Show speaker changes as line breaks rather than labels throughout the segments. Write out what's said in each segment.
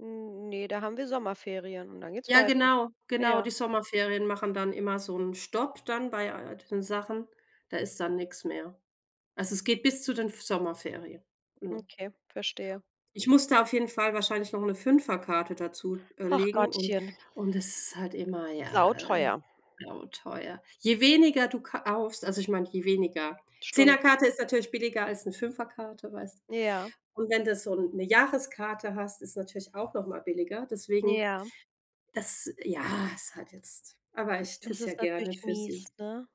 N ne, da haben wir Sommerferien und dann geht's
Ja,
weiter.
genau. Genau,
Ja.
die Sommerferien machen dann immer so 'n Stopp dann bei all den Sachen, da ist dann nichts mehr. Also, es geht bis zu den F Sommerferien. Genau.
Okay, verstehe.
Ich muss da auf jeden Fall wahrscheinlich noch 'ne 5er Karte dazu, äh,
Hach
legen und
Gottchen.
und es ist halt immer, ja,
Sauteuer.
genau teuer. Je weniger du kaufst also, ich meine, je weniger 10er-
Stunden.
Karte ist natürlich billiger als 'ne 5er- Karte, weißt?
Ja.
Und wenn du so 'ne Jahreskarte hast, ist natürlich auch noch mal billiger. Deswegen
Ja.
das ja, ist halt jetzt aber ich tue
Das
es ja
ist
gerne
natürlich
für
mies,
sie.
ne?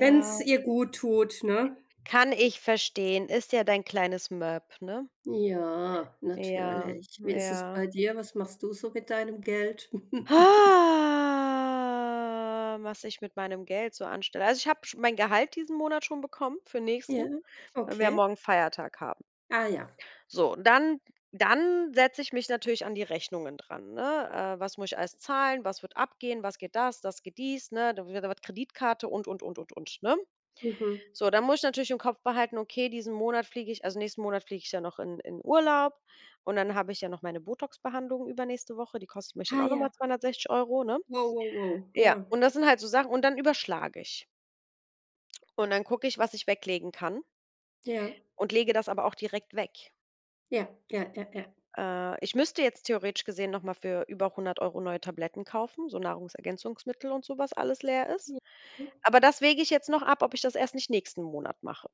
Wenn's ihr gut tut, ne?
Kann ich verstehen, ist ja dein kleines Möp, ne?
Ja,
Ja,
natürlich. Wie ist es
ja.
bei dir? Was machst du so mit deinem Geld?
Ha, was ich mit meinem Geld so anstelle. Also, ich habe sch mein Gehalt diesen Monat schon bekommen für nächsten,
Ja,
weil wir ja
okay.
morgen Feiertag haben.
Ah ja.
So, und dann dann setze ich mich natürlich an die Rechnungen dran, ne? Äh, was muss ich alles zahlen? Was wird abgehen? Was geht das? Das geht dies, ne? Da [unintelligible] was Kreditkarte und, und, und, und, ne?
Mhm.
So, dann muss ich natürlich im Kopf behalten, okay, diesen Monat fliege ich also, nächsten Monat fliege ich ja noch in in Urlaub und dann habe ich ja noch meine Botox-Behandlungen übernächste Woche, die kostet mich dann
Ah,
auch noch mal
ja.
260 €, ne?
Wow, wow, wow, ja.
Ja, und das sind halt so Sachen und dann überschlage ich. Und dann gucke ich, was ich weglegen kann
Ja.
und lege das aber auch direkt weg.
Ja, ja, ja, ja.
Äh, ich müsste jetzt theoretisch gesehen noch mal für über 100 € neue Tabletten kaufen, so Nahrungsergänzungsmittel und so, was alles leer ist.
Ja, ja.
Aber das wäge ich jetzt noch ab, ob ich das erst nicht nächsten Monat mache.